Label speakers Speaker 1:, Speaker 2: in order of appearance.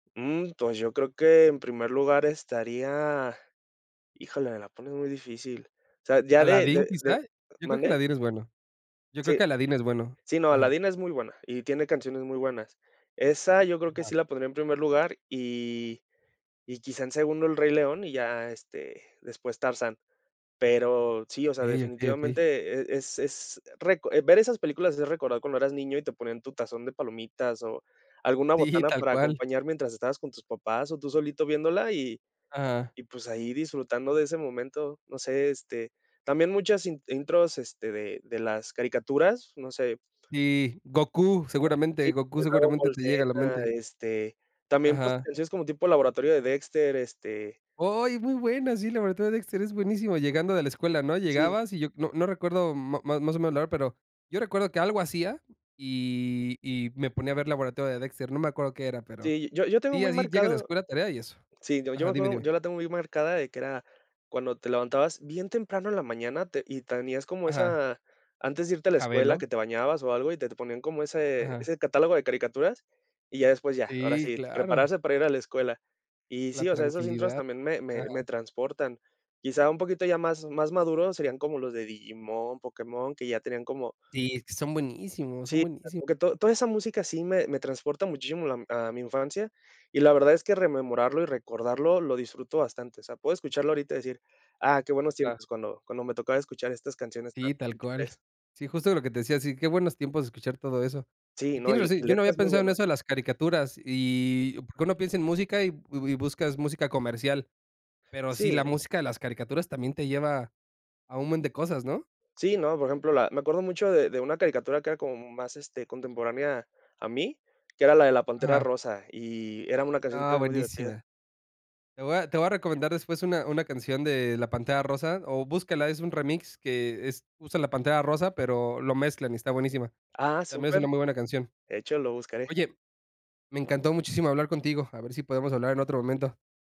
Speaker 1: Mm, pues yo creo que, en primer lugar estaría Híjole, me la pones muy difícil. O sea, ya de
Speaker 2: ¿Aladdin
Speaker 1: de de
Speaker 2: quizá? Yo creo que
Speaker 1: ¿Mande?
Speaker 2: Aladdin es bueno Yo creo
Speaker 1: Sí.
Speaker 2: que Aladdin es bueno,
Speaker 1: Sí, no,
Speaker 2: ajá.
Speaker 1: Aladdin es muy buena, y tiene canciones muy buenas. Esa yo creo que sí
Speaker 2: Ajá.
Speaker 1: la pondría en primer lugar, y y quizá en segundo El Rey León, y ya este, después Tarzán. Pero sí, o sea,
Speaker 2: Okey, okey, okey.
Speaker 1: definitivamente e es es reco eh, ver esas películas es recordar cuando eras niño y te ponían tu tazón de palomitas, o alguna
Speaker 2: Sí,
Speaker 1: botana
Speaker 2: tal
Speaker 1: para
Speaker 2: cual.
Speaker 1: acompañar mientras estabas con tus papás o tú solito viéndola, y
Speaker 2: Ajá.
Speaker 1: y pues ahí disfrutando de ese momento, no sé, este, también muchas in intros, este, de de las caricaturas, no sé.
Speaker 2: Sí, Gokú,
Speaker 1: Ah,
Speaker 2: seguramente.
Speaker 1: sí,
Speaker 2: Gokú,
Speaker 1: de Dragon
Speaker 2: seguramente
Speaker 1: Ball
Speaker 2: te llega a la
Speaker 1: Z,
Speaker 2: mente.
Speaker 1: este, también, pues,
Speaker 2: Ajá.
Speaker 1: canciones como tipo laboratorio de Dexter, este
Speaker 2: Oy, muy buena, sí, la verdad la de Dexter es buenísimo, llegando de la escuela, ¿no?,
Speaker 1: Sí.
Speaker 2: llegabas y yo no no recuerdo ma más o menos la hora, pero yo recuerdo que algo hacía, y y me ponía a ver Laboratorio de Dexter, no me acuerdo qué era, pero
Speaker 1: Sí, yo yo tengo
Speaker 2: Sí,
Speaker 1: muy
Speaker 2: así, llegas de la
Speaker 1: marcado
Speaker 2: escuela, tarea y eso.
Speaker 1: Sí, yo yo me
Speaker 2: Ajá, dime,
Speaker 1: acuerdo
Speaker 2: dime.
Speaker 1: yo la tengo muy marcada de que era, cuando te levantabas bien temprano en la mañana, te y tenías como
Speaker 2: Ajá.
Speaker 1: esa antes de antes de irte a la escuela,
Speaker 2: Jabelo.
Speaker 1: que te bañabas o algo, y te te ponían como ese
Speaker 2: Ajá.
Speaker 1: ese catálogo de caricaturas, y ya después ya, ahora
Speaker 2: Sí,
Speaker 1: sí,
Speaker 2: claro.
Speaker 1: prepararse para ir a la escuela. Y
Speaker 2: La
Speaker 1: sí, o sea, esas intros
Speaker 2: tranquilidad.
Speaker 1: también me me
Speaker 2: Ajá.
Speaker 1: me transportan. Quizá un poquito ya más más maduro serían como los de Digimon, Pokémon, que ya tenían como
Speaker 2: Sí, es que son buenísimos, son
Speaker 1: Sí,
Speaker 2: buenísimos.
Speaker 1: [unintelligible] to toda esa música sí me me transporta muchísimo, lam a mi infancia, y la verdad es que rememorarlo y recordarlo lo disfruto bastante, o sea, puedo escucharlo ahorita y decir: "Ah, qué buenos
Speaker 2: Ah.
Speaker 1: tiempos, cuando cuando me tocaba escuchar estas canciones".
Speaker 2: Sí, tal
Speaker 1: [unintelligible]
Speaker 2: cual. Sí, justo de lo que te decía. Sí, qué buenos tiempos escuchar todo eso.
Speaker 1: Sí,
Speaker 2: Y
Speaker 1: no, y
Speaker 2: tienes
Speaker 1: l y
Speaker 2: razón, yo no había
Speaker 1: letras muy
Speaker 2: pensado en
Speaker 1: buenas.
Speaker 2: eso de las caricaturas y Porque uno piensa en música y y bu buscas música comercial. Pero sí, la
Speaker 1: Sí.
Speaker 2: música de las caricaturas también te lleva a un buen de cosas, ¿no?
Speaker 1: Sí, no, por ejemplo, la me acuerdo mucho de de una caricatura que era como más, este, contemporánea a mí, que era la de la pantera
Speaker 2: Ajá.
Speaker 1: rosa, y era una canción
Speaker 2: Ah,
Speaker 1: también muy divertida.
Speaker 2: buenísima. Te voy a te voy a recomendar después una una canción de La Pantera Rosa, o búscala, es un remix que, es usa la Pantera Rosa, pero lo mezclan y está buenísima.
Speaker 1: Ah,
Speaker 2: También es
Speaker 1: súper,
Speaker 2: una muy buena canción.
Speaker 1: de hecho lo buscaré.
Speaker 2: Oye, me encantó muchísimo hablar contigo, a ver si podemos hablar en otro momento.